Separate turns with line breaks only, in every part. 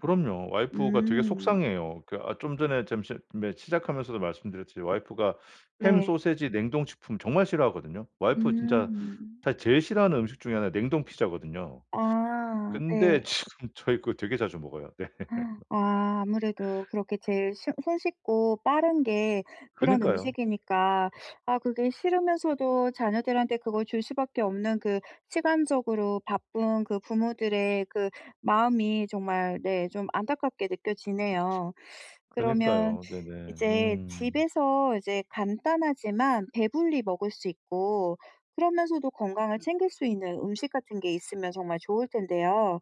그럼요. 와이프가 되게
음.
속상해해요. 그 아 좀 전에 잠 잠 네 시작하면서도 말씀드렸지만 와이프가 햄,
네.
소시지, 냉동식품 정말 싫어하거든요. 와이프가 진짜
음.
사실 제일 싫어하는 음식 중에 1 가 냉동 피자거든요.
아
근데
네.
지금 저희 그거 되게 자주 먹어요. 네.
아 아무래도 그렇게 제일 쉬 손쉽고 빠른 게 그런
그니까요.
음식이니까 아 그게 싫으면서도 자녀들한테 그걸 줄 수밖에 없는 그 시간적으로 바쁜 그 부모들의 그 마음이 정말 네 좀 안타깝게 느껴지네요. 그러면
그니까요. 네네.
이제
음.
집에서 이제 간단하지만 배불리 먹을 수 있고 그러면서도 건강을 챙길 수 있는 음식 같은 게 있으면 정말 좋을 텐데요.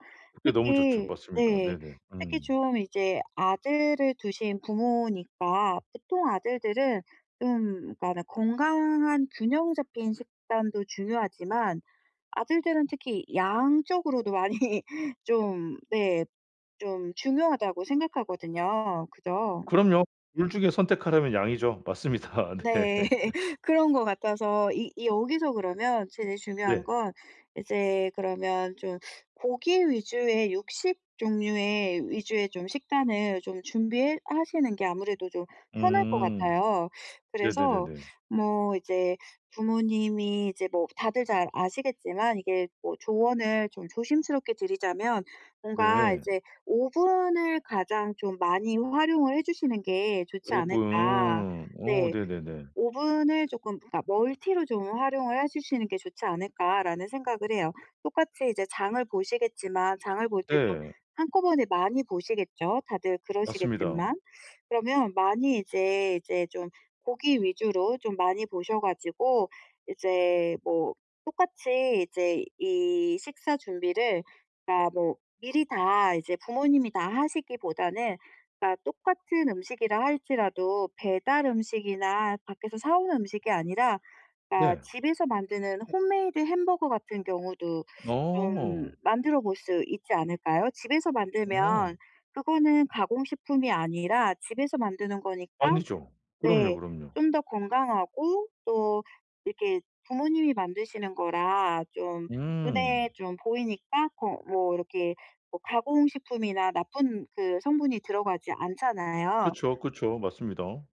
예 너무 좋죠.
특히
맞습니다.
네.
네네.
특히
음.
좀 이제 아들을 두신 부모니까 보통 아들들은 음 뭐라고 하나 건강한 균형 잡힌 식단도 중요하지만 아들들은 특히 양적으로도 많이 좀 네 좀 중요하다고 생각하거든요. 그죠?
그럼요. 2 중에 선택하라면 양이죠. 맞습니다.
네.
네.
그런 것 같아서 이 이 여기서 그러면 제일 중요한
네.
건 이제 그러면 좀 고기 위주의 육식 종류의 위주의 좀 식단을 좀 준비해 하시는 게 아무래도 좀 편할 것
음.
같아요. 그래서
네네네네.
뭐 이제 부모님이 이제 뭐 다들 잘 아시겠지만 이게 뭐 조언을 좀 조심스럽게 드리자면 뭔가
네.
이제 오븐을 가장 좀 많이 활용을 해 주시는 게 좋지 않을까.
오븐. 오
네.
네네네.
'오븐을 조금 그러니까 멀티로 좀 활용을 해 주시는 게 좋지 않을까?'라는 생각을 해요. 똑같이 이제 장을 보시겠지만 장을 볼 때 좀
네.
한꺼번에 많이 보시겠죠 다들
맞습니다.
그러시겠지만. 그러면 많이 이제 이제 좀 고기 위주로 좀 많이 보셔 가지고 이제 뭐 똑같이 이제 이 식사 준비를 그러니까 뭐 미리 다 이제 부모님이 다 하시기보다는 그러니까 똑같은 음식이라 할지라도 배달 음식이나 밖에서 사 오는 음식이 아니라 그러니까
네.
집에서 만드는 홈메이드 햄버거 같은 경우도 좀
어.
만들어 볼 수 있지 않을까요? 집에서
어.
만들면 그거는 가공식품이 아니라 집에서 만드는 거니까
아니죠. 그럼요,
네
그럼요.
좀 더 건강하고 또 이렇게 부모님이 만드시는 거라 좀
음.
눈에 좀 보이니까 더 뭐 이렇게 뭐 가공식품이나 나쁜 그 성분이 들어가지 않잖아요.
그쵸, 그쵸. 맞습니다.